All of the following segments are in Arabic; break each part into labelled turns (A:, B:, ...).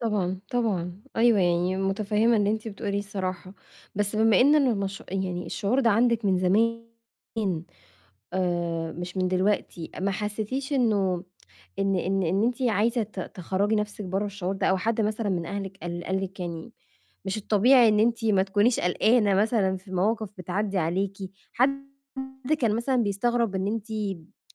A: طبعًا، طبعًا. أيوه، يعني متفهمة اللي أنتِ بتقوليه الصراحة. بس بما إنّ المش يعني الشعور ده عندِك من زمان آآ مش من دلوقتي، ما حسيتيش إنه إن إن إن أنتِ عايزة ت تخرّجي نفسِك برّا الشعور ده؟ أو حد مثلًا من أهلِك قال قال لكِ يعني مش الطبيعي، إن أنتِ ما تكونيش قلقانة مثلًا في مواقف بتعدّي عليكِ؟ حد كان مثلًا بيستغرب إن أنتِ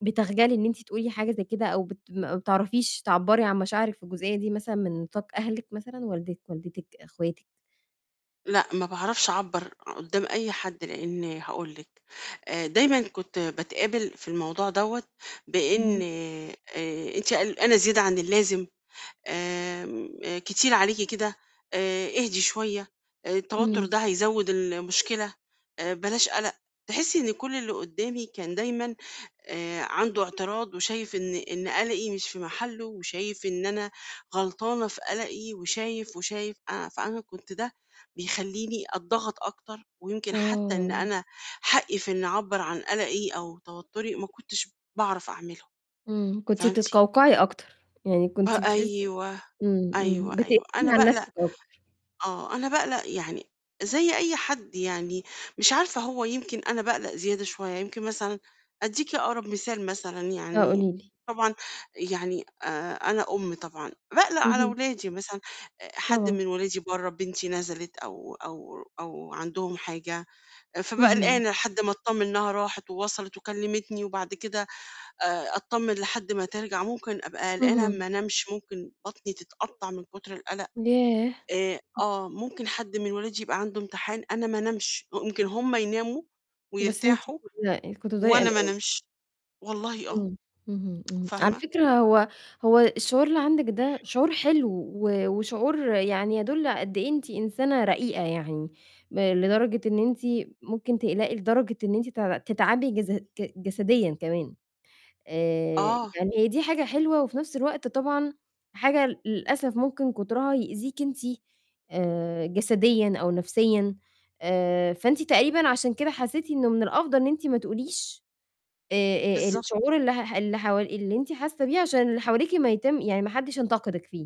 A: بتخجلي، إن أنتِ تقولي حاجة زي كده أو بت ما بتعرفيش تعبّري عن مشاعرِك في الجزئية دي، مثلًا من نطاق أهلِك مثلًا؟ والدِك، والدتِك، اخواتِك؟
B: لأ، ما باعرفش أعبّر قدّام أي حد، لإن هاقول لكِ، آآ دايماً كنت باتقابل في الموضوع دوّة بإن
A: اهم.
B: آآ أنتِ قلقانة زيادة عن اللازم، آمم كتير عليكِ كده، آآ اهدي شوية، آآ التوتر
A: امم.
B: ده هيزوّد المشكلة، آآ بلاش قلق. تحسي إن كل اللي قدّامي كان دايمًا آآ عنده اعتراض، وشايف إن إن قلقي مش في محله، وشايف إن أنا غلطانة في قلقي، وشايف، وشايف أنا فأنا كنت ده بيخلّيني أتضغط أكتر، ويمكن حتى إن
A: آه.
B: أنا حقِّي في إني أعبّر عن قلقي أو توتري ما كنتش باعرف أعمله.
A: امم، كنتِ
B: فهمتِ؟
A: بتتقوقعي أكتر، يعني
B: ب
A: كنتِ بتحس
B: أيوه،
A: امم،
B: أيوه،
A: امم
B: أيوه،
A: بتقفلي
B: أنا
A: على
B: باقلق
A: نفسِك أكتر.
B: آه، أنا باقلق يعني زي أي حد يعني، مش عارفة هو يمكن أنا باقلق زيادة شوية، يمكن مثلًا أديكِ أقرب مثال، مثلًا
A: آه،
B: يعني،
A: قولي لي.
B: طبعًا يعني آآ أنا أم طبعًا باقلق على
A: اهم.
B: ولادي مثلًا، آآ حد
A: طبعًا.
B: من ولادي برّا، بنتي نزلت أو أو أو عندهم حاجة، فأبقي
A: اهم.
B: قلقانة لحد ما أتطمن إنها راحت ووصلت وكلمتني وبعد كده آآ أتطمن لحد ما ترجع، ممكن أبقى قلقانة
A: اهم.
B: ما أنامش، ممكن بطني تتقطّع من كتر القلق.
A: ياه.
B: آآ آه، ممكن حد من ولادي يبقى عنده امتحان أنا ما أنامش، ممكن هم يناموا
A: بس أنتِ
B: ويرتاحوا
A: بتقلقي، كنتِ بتفضلي
B: وأنا ما
A: قلقانة.
B: أنامش، والله آه.
A: امم، اهم، امم. على
B: فاهمة؟
A: فكرة هو هو الشعور اللي عندِك ده شعور حلو، و وشعور يعني يدل على قد إيه أنتِ إنسانة رقيقة يعني، لدرجة إن أنتِ ممكن تقلقي لدرجة إن أنتِ تع تتعبي جس ج جسديًا كمان. آآ
B: آه.
A: يعني هي دي حاجة حلوة، وفي نفس الوقت طبعًا حاجة للأسف ممكن كترها يؤذيكِ أنتِ، آآ جسديًا أو نفسيًا. آآ فأنتِ تقريبًا عشان كده حسيتِ إنه من الأفضل إن أنتِ ما تقوليش، آآ، آآ
B: بالضبط.
A: الشعور اللي ه اللي هو اللي أنتِ حاسة بيه عشان اللي حواليكِ ما يتم يعني ما حدش ينتقدِك فيه.